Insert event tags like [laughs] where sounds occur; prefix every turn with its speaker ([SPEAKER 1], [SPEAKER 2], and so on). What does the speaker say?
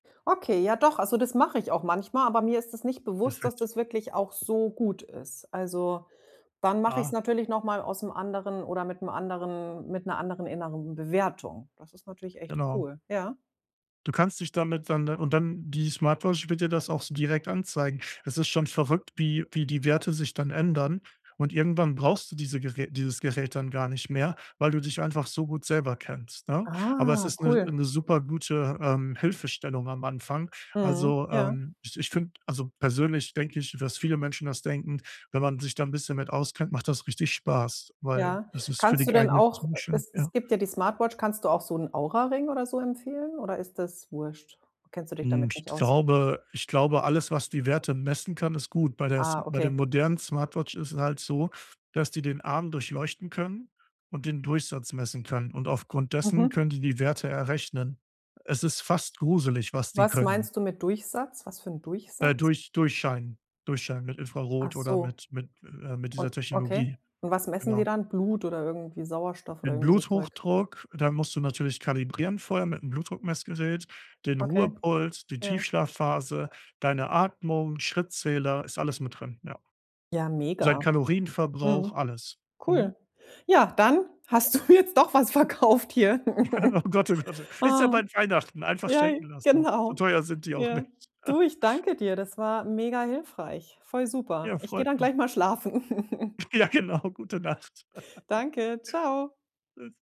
[SPEAKER 1] Okay, ja doch, also das mache ich auch manchmal, aber mir ist es nicht bewusst, dass
[SPEAKER 2] Perfekt.
[SPEAKER 1] das wirklich auch so gut ist. Also, wann mache ich's
[SPEAKER 2] Ah.
[SPEAKER 1] natürlich noch mal aus 'nem anderen oder mit'm anderen mit 'ner anderen inneren Bewertung. Das ist natürlich echt
[SPEAKER 2] Genau.
[SPEAKER 1] cool, ja.
[SPEAKER 2] Du kannst dich damit dann und dann die Smartwatch wird dir das auch so direkt anzeigen. Es ist schon verrückt, wie wie die Werte sich dann ändern und irgendwann brauchst du diese Gerä dieses Gerät dann gar nicht mehr, weil du dich einfach so gut selber kennst, ne? Aber es
[SPEAKER 1] Ah,
[SPEAKER 2] ist 'ne
[SPEAKER 1] cool.
[SPEAKER 2] 'ne supergute, ähm, Hilfestellung am Anfang.
[SPEAKER 1] Mhm.
[SPEAKER 2] Also,
[SPEAKER 1] Ja.
[SPEAKER 2] ähm, ich ich finde also, persönlich denke ich, dass viele Menschen das denken, wenn man sich da 'n bisschen mit auskennt, macht das richtig Spaß, weil
[SPEAKER 1] Ja.
[SPEAKER 2] es ist für
[SPEAKER 1] Kannst
[SPEAKER 2] die
[SPEAKER 1] du denn
[SPEAKER 2] [unintelligible]
[SPEAKER 1] auch
[SPEAKER 2] ziemlich schön.
[SPEAKER 1] es es
[SPEAKER 2] ja.
[SPEAKER 1] gibt ja die Smartwatch, kannst du auch so 'n Auraring oder so empfehlen oder ist das wurst? Kennst du dich
[SPEAKER 2] Hm,
[SPEAKER 1] damit
[SPEAKER 2] ich
[SPEAKER 1] nicht aus?
[SPEAKER 2] glaube ich glaube alles, was die Werte messen kann, ist gut. Bei der s
[SPEAKER 1] Ah,
[SPEAKER 2] bei der
[SPEAKER 1] okay.
[SPEAKER 2] modernen Smartwatch ist es halt so, dass die den Arm durchleuchten können und den Durchsatz messen können, und aufgrund dessen
[SPEAKER 1] Mhm.
[SPEAKER 2] können sie die Werte errechnen. Es ist fast gruselig, was die
[SPEAKER 1] Was
[SPEAKER 2] können.
[SPEAKER 1] meinst du mit Durchsatz? Was für 'n Durchsatz?
[SPEAKER 2] Äh, durch durchscheinen durchscheinen mit
[SPEAKER 1] Ach
[SPEAKER 2] Infrarot oder
[SPEAKER 1] so.
[SPEAKER 2] mit mit äh, mit dieser
[SPEAKER 1] Und okay.
[SPEAKER 2] Technologie.
[SPEAKER 1] Und was messen die
[SPEAKER 2] Genau.
[SPEAKER 1] dann? Blut oder irgendwie Sauerstoff oder
[SPEAKER 2] Den
[SPEAKER 1] irgendwie so Zeug?
[SPEAKER 2] Bluthochdruck, da musst du natürlich kalibrieren vorher mit'm Blutdruckmessgerät, den
[SPEAKER 1] Okay.
[SPEAKER 2] Ruhepuls, die
[SPEAKER 1] Ja.
[SPEAKER 2] Tiefschlafphase, deine Atmung, Schrittzähler, ist alles mit drin, ja.
[SPEAKER 1] Ja,
[SPEAKER 2] Sein
[SPEAKER 1] mega.
[SPEAKER 2] Kalorienverbrauch,
[SPEAKER 1] Mhm.
[SPEAKER 2] alles. Mhm.
[SPEAKER 1] Cool. Ja, dann hast du jetzt doch was verkauft hier.
[SPEAKER 2] [laughs] Oh
[SPEAKER 1] [chuckles]
[SPEAKER 2] Gott oh Gott, oh. Ist ja
[SPEAKER 1] Ah.
[SPEAKER 2] bald Weihnachten, einfach
[SPEAKER 1] Ja.
[SPEAKER 2] schenken lassen. So
[SPEAKER 1] Genau.
[SPEAKER 2] teuer sind die auch
[SPEAKER 1] Ja.
[SPEAKER 2] nicht.
[SPEAKER 1] Du,
[SPEAKER 2] [chuckles]
[SPEAKER 1] ich danke dir. Das war mega hilfreich. Voll super.
[SPEAKER 2] Ja,
[SPEAKER 1] Ich gehe
[SPEAKER 2] freut
[SPEAKER 1] dann
[SPEAKER 2] mich.
[SPEAKER 1] gleich mal schlafen. [chuckles]
[SPEAKER 2] Ja, genau, gute Nacht. [laughs]
[SPEAKER 1] Danke, ciao!
[SPEAKER 2] Tschüss.